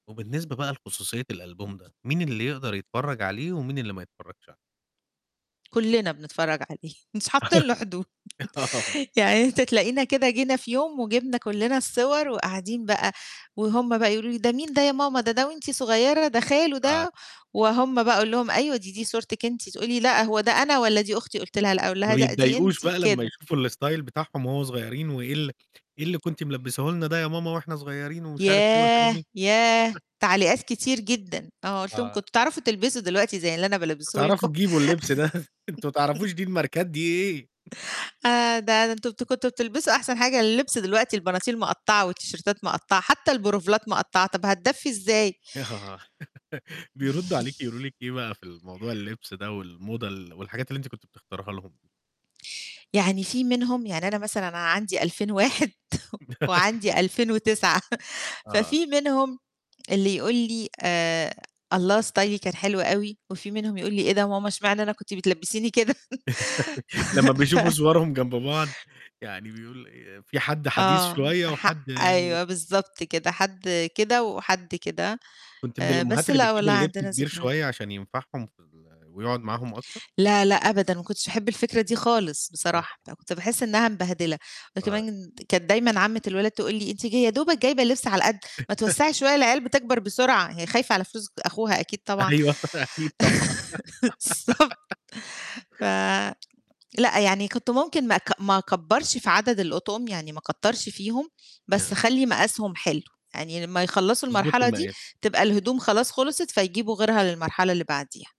وبالنسبة بقى لخصوصية الألبوم ده مين اللي يقدر يتفرج عليه ومين اللي ما يتفرجش عل كلّنا بنتفرج عليه، مش حاطين له حدود آه. يعني أنت تلاقينا كده جينا في يوم وجبنا كلّنا الصور وقاعدين بقى، وهُم بقى يقولوا لي: "ده مين ده يا ماما؟ ده ده وأنتِ صغيرة، ده خاله آه. ده؟" وهُم بقى أقول لهم: "أيوه، دي دي صورتك أنتِ." تقول لي: "لأ، هو ده أنا والّا دي أختي؟" قُلت لها: "لأ." أقول ما لها: "لأ، دي بيتضايقوش أنتِ." بقى لمّا كده. يشوفوا الstyle بتاعهم وهو صغيرين وإيه ال إيه اللي كنت ملبساه لنا ده يا ماما وإحنا صغيرين ومش عارف إيه والحاجات ياه! دي ياه! تعليقات كتير جدًا، آه قُلت لهم: آه. "كنتم تعرفوا تلبسوا دلوقتي زي اللي أنا بالبسه لكم؟" بتعرفوا تجيبوا اللبس ده أنتم ما تعرفوش دي الماركات دي إيه. آآ، ده ده أنتم بت كنتم بتلبسوا أحسن حاجة، اللبس دلوقتي البناطيل مقطعة والتيشيرتات مقطعة حتى البلوفرات مقطعة، طب هتدفي إزاي؟ ي آه. بيردوا عليكِ يقولوا لِك ايه بقى في الموضوع اللبس ده والموضة ال والحاجات اللي أنتِ كنتِ بتختريها لهم؟ يعني في منهم يعني أنا مثلًا أنا عندي 2001، وعندي 2009 آه، آه. ففي منهم اللي يقول لي: آآ "الله ستايلي كان حلو أوي،" وفي منهم يقول لي: "إيه ده يا ماما اشمعنى أنا كنتِ بتلبّسيني كده؟" لمّا ف بيشوفوا ف صورهم جنب بعض يعني بيقول في حد حديث آه شوية ح وحد يعني أيوه بالضبط كده حد كده وحد كده. كنتِ من آآ الأمهات بس اللي لأ بتجيب والله اللبس عندنا كبير ذكري شوية عشان ينفعهم في ال ويقعد معاهم أكتر؟ لا لأ أبدًا، ما كنتش احب الفكرة دي خالص آه. بصراحة، ده أنا كنت باحس [unintelligible] إنها مبهدلة آه. وكمان [unintelligible] كانت دايمًا عمة الولاد تقول لي:" أنتِ ج يا دوبك جايبة لبس على القد، ما توسعي شوية العيال بتكبر بسرعة." هي خايفة على فلوس أخوها أكيد طبعًا. أيوه، ط أكيد طبعًا. بالضبط ف لأ، يعني كنت ممكن ما أك ما أكبرش في عدد الأطقم، يعني ما أكترش فيهم ن بس أخلّي مقاسهم حلو، يعني لمّا يخلصوا تضبطي المرحلة دي المقاس. تبقى الهدوم خلاص خلصت فيجيبوا غيرها للمرحلة اللي بعديها.